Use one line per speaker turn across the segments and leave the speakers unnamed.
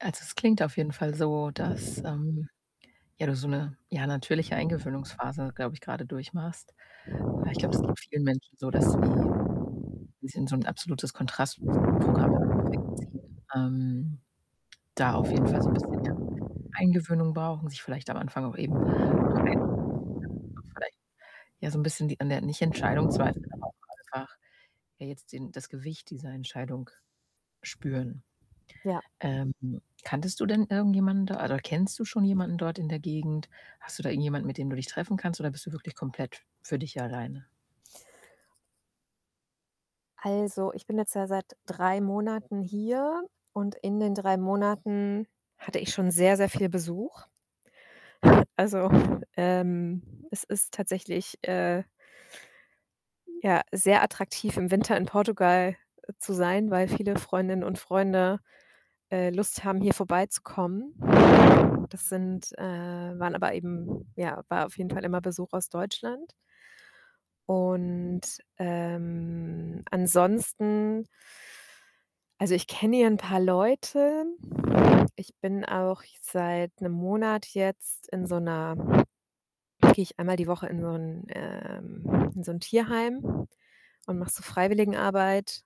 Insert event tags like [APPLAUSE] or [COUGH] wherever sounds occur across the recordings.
Also, es klingt auf jeden Fall so, dass, ähm ja, du so 'ne, ja, natürliche Eingewöhnungsphase, glaube ich, grade durchmachst. Weil ich glaube, das geht vielen Menschen so, dass sie sie in so 'n absolutes Kontrastprogramm im Affekt ziehen. Ähm, da auf jeden Fall so 'n bisschen, ja, Eingewöhnung brauchen, sich vielleicht am Anfang auch eben noch ein [UNINTELLIGIBLE] vielleicht ja so 'n bisschen die an der, nicht Entscheidung zweifeln, aber auch einfach ja jetzt den das Gewicht dieser Entscheidung spüren.
Ja.
Ähm, kanntest du denn irgendjemanden da oder kennst du schon jemanden dort in der Gegend? Hast du da irgendjemand, mit dem du dich treffen kannst oder bist du wirklich komplett für dich hier alleine?
Also, ich bin jetzt ja seit 3 Monaten hier und in den 3 Monaten hatte ich schon sehr, sehr viel Besuch. Also, ähm, es ist tatsächlich, äh ja, sehr attraktiv, im Winter in Portugal, äh, zu sein, weil viele Freundinnen und Freunde, äh, Lust haben, hier vorbeizukommen. Das sind, äh waren aber eben ja, war auf jeden Fall immer Besuch aus Deutschland. Und, ähm, ansonsten also, ich kenne hier 'n paar Leute. Ich bin auch seit 'nem Monat jetzt in so 'ner gehe ich einmal die Woche in so 'n, ähm in so 'n Tierheim und mache so Freiwilligenarbeit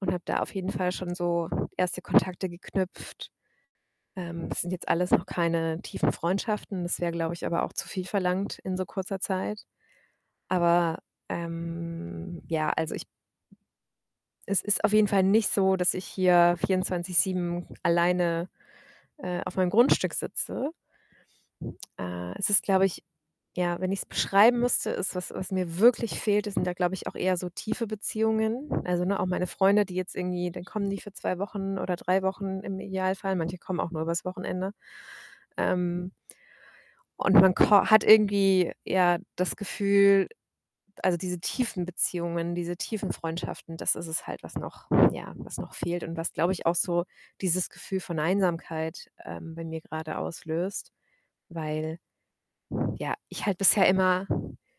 und habe da auf jeden Fall schon so 1. Kontakte geknüpft. Ähm, das sind jetzt alles noch keine tiefen Freundschaften. Das wäre, glaube ich, aber auch zu viel verlangt in so kurzer Zeit. Aber, ähm ja, also, ich Es ist auf jeden Fall nicht so, dass ich hier 24/7 alleine, äh, auf meinem Grundstück sitze. Äh, es ist, glaube ich ja, wenn ich's beschreiben müsste, ist was was mir wirklich fehlt, das sind da, glaube ich, auch eher so tiefe Beziehungen. Also, ne, auch meine Freunde, die jetzt irgendwie dann kommen die für 2 Wochen oder 3 Wochen im Idealfall, manche kommen auch nur übers Wochenende. Ähm und man ko hat irgendwie, ja, das Gefühl also, diese tiefen Beziehungen, diese tiefen Freundschaften, das ist es halt, was noch ja, was noch fehlt und was, glaube ich, auch so dieses Gefühl von Einsamkeit, ähm, bei mir grade auslöst. Weil ja, ich halt bisher immer